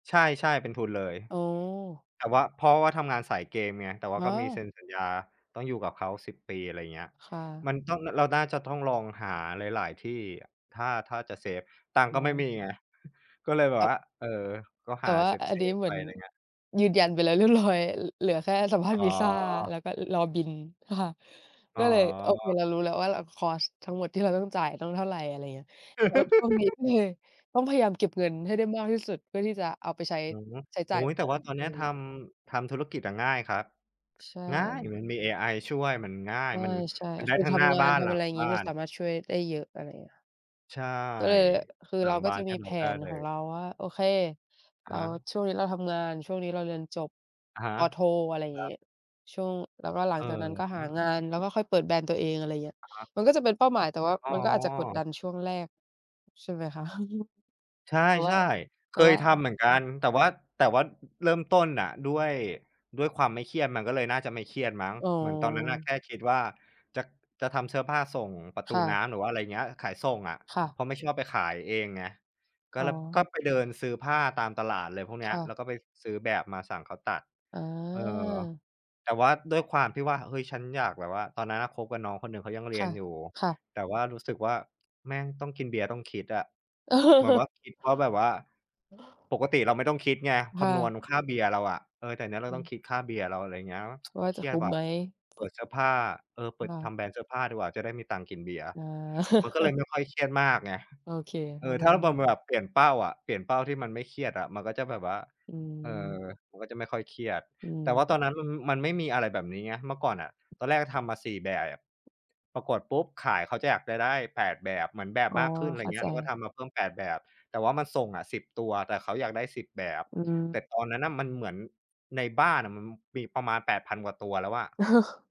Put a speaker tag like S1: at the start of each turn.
S1: ใช่ ๆ เป็นทุนเลย
S2: โอ้
S1: แต่ว่า เพราะว่าทำงานสายเกมไงแต่ว่า
S2: อ๋
S1: ก็มีเซ
S2: อ
S1: ็นสัญญา ต้องอยู่กับเขา 10 อะไรเงี้ย
S2: ค่ะ
S1: มันต้อง เราน่าจะต้องลองหาหลาย ๆ ที่อะ ถ้า ถ้าจะเซฟ ตังค์
S2: อ
S1: ก
S2: ๋
S1: ็ไม่
S2: อ
S1: มีไง ก็เลยแบ
S2: แต
S1: บ
S2: ่
S1: ว่า เออ ก็
S2: แต
S1: ห
S2: ่
S1: า
S2: ว่า
S1: เ
S2: อั
S1: ซ
S2: นนี้
S1: ฟ
S2: เห
S1: ๆ
S2: ม
S1: ไ
S2: ื
S1: ป
S2: อน
S1: อะไรเงี้ย
S2: ยืนยันไปแล้วเรียบ ร้อย ล เหลือแค่สัมภาษณ
S1: อ๋
S2: ์
S1: อ
S2: วีซ่า แล้วก็รอบิน ค่ะ
S1: อ
S2: ก
S1: ๋
S2: ็
S1: อ
S2: เลยโอเคเรารู้แล้วว่า เรา คอสต์ ทั้งหมดที่เราต้องจ่าย ต้องเท่าไร อะไรอย่างเงี้ย แล้วช่วงนี้ก็เลยต้องพยายามเก็บเงินให้ได้มากที่สุดเพื่อที่จะเอาไปใช้
S1: อือฮึ
S2: ใช้
S1: โอ
S2: จ่
S1: ้
S2: า
S1: โ
S2: ย
S1: ฮ! แต่ว่าตอ
S2: อ
S1: น
S2: ะไ
S1: เน
S2: ร
S1: ี้ยท
S2: เงี้ย
S1: ำ ทำธุรกิจอะง่ายครับ
S2: ใช
S1: ง่าย
S2: ่
S1: มันมีเอไอช่วย มันง่ายมัน
S2: ใช่
S1: มันได
S2: ๆ
S1: ้
S2: คน
S1: ทั้ง
S2: ท
S1: หน้า
S2: ำงา
S1: บ้า
S2: น
S1: น
S2: ท
S1: หล
S2: ำ
S1: ั
S2: อะไ
S1: ง
S2: รอย่าง
S1: บ
S2: งี
S1: ้า
S2: ้ มัน
S1: น
S2: สามารถช่วยได้เยอะ อะไรเงี้ย
S1: ใช่
S2: ก็เลย คือ
S1: หล
S2: เ
S1: ั
S2: รา
S1: ง
S2: ก
S1: บ
S2: ็
S1: ้า
S2: จ
S1: น
S2: ะ
S1: ให
S2: ม
S1: ้
S2: ี
S1: เ
S2: แ
S1: ร
S2: ผ
S1: าได้
S2: น
S1: เล
S2: ของ
S1: ย
S2: เราว่า โอเค
S1: อ
S2: แล
S1: ะ
S2: ้
S1: ฮ
S2: ว
S1: ะ
S2: ช่วงนี้เราทำงาน ช่วงนี้เราเรียนจบ
S1: อะฮะ
S2: ป.โท อะไรอย่า
S1: ค
S2: ง
S1: ร
S2: ง
S1: ั
S2: ี้
S1: บ
S2: ช่วง แล้วก็หลั
S1: เอ
S2: ง
S1: อ
S2: จากนั้นก็ห
S1: ฮ
S2: าง
S1: ะ
S2: าน แล้วก็ค่อยเปิดแบรนด์ตัวเอง อะไรเงี้ย
S1: อะฮะ
S2: มันก็จะเป็นเป้าหมายแต่ว่า
S1: อ๋
S2: มันก็อาจจะกดดั
S1: อ
S2: นช่วงแรก ใช่ไหมคะ?
S1: ใช
S2: แต่ว่า
S1: ่
S2: แ
S1: ๆ
S2: ต
S1: เค
S2: ่
S1: ย
S2: ว่า
S1: ทำเหมือนกันแต่ว่า แต่ว่าเริ่มต้นน่ะ ด้วย ด้วยความไม่เครียด มันก็เลยน่าจะไม่เครียดมั้ง
S2: อ๋
S1: เหมือนตอนนั้น
S2: อ
S1: แค่คิดว่า จะ จะทำเสื้อผ้าส่งประต
S2: ค
S1: ู
S2: ่ะ
S1: น้ำ หรือว่าอะไรเงี้ย ขายส่งอะ
S2: ค่ะ
S1: เพราะไม่ชอบไปขายเองไง ก็
S2: อ๋
S1: เ
S2: อ
S1: ลย ก็ไปเดินซื้อผ้าตามตลาดอะไรพวกเนี
S2: ค
S1: ้ย
S2: ่
S1: แล้
S2: ะ
S1: วก็ไปซื้อแบบมาสั่งเขาตัด
S2: อ๋อ
S1: เออ แต่ว่าด้วยความที่ว่า เฮ้ย ฉันอยากแบบว่าตอนนั้นคบกับน้องคนหนึ่งเขายังเรี
S2: ค
S1: ย
S2: ่
S1: น
S2: ะ
S1: อยู่
S2: ค่ะ
S1: แต่ว่ารู้สึกว่า แม่งต้องกินเบียร์ ต้องคิดอะ
S2: เ
S1: เหมือนว
S2: ออ
S1: ่าคิดว่า แบบว่าปกติเราไม่ต้องคิดไง
S2: ค
S1: ค
S2: ่
S1: ำนวณ
S2: ะ
S1: ค่าเบียร์เราอะ เออ แต่เนี้ยเรา
S2: อื
S1: ต้อ
S2: ม
S1: งคิดค่าเบียร์เรา อะไรเงี้ย
S2: ว่า
S1: เค
S2: จะ
S1: รี
S2: ค
S1: ยด
S2: ุ้ม
S1: ว่ะ
S2: ไหม?
S1: เปิดเสื้อผ้า เออ เป
S2: ค
S1: ิด
S2: ่
S1: ท
S2: ะ
S1: ำแบรนด์เสื้อผ้าดีกว่าจะได้มีตังค์กินเบียร์
S2: อ๋อ
S1: มันก็เลยไม่ค่อยเครียดมากไง
S2: โอเค
S1: เ
S2: เข
S1: อ
S2: ้า
S1: อ
S2: ใจ
S1: ถ้า
S2: ได
S1: บ
S2: ้
S1: ำ แบบเปลี่ยนเป้าอะ เปลี่ยนเป้าที่มันไม่เครียดอะ มันก็จะแบบว่า
S2: อื
S1: เออ
S2: ม
S1: มันก็จะไม่ค่อยเครียด
S2: อื
S1: แต่ว
S2: ม
S1: ่าตอนนั้นมันไม่มีอะไรแบบนี้ไงเมื่อก่อนอะ ตอนแรกทำมา 4 แบบ ปรากฏปุ๊บขาย เขาจะอยากจะได้ 8 เหมือนแบ
S2: อ
S1: บ
S2: ๋อ
S1: มากขึ้น อะไ
S2: เข
S1: ร
S2: ้า
S1: เงี้
S2: ใ
S1: ย เราก็
S2: จ
S1: ทำมาเพิ่ม 8 แต่ว่ามันส่งะ 10 แต่เขาอยากได้ 10
S2: อืม
S1: แต่ตอนนั้นน่ะ มันเหมือนในบ้านอะ มันมีประมาณ 8,000 กว่าตัวแล้วอะ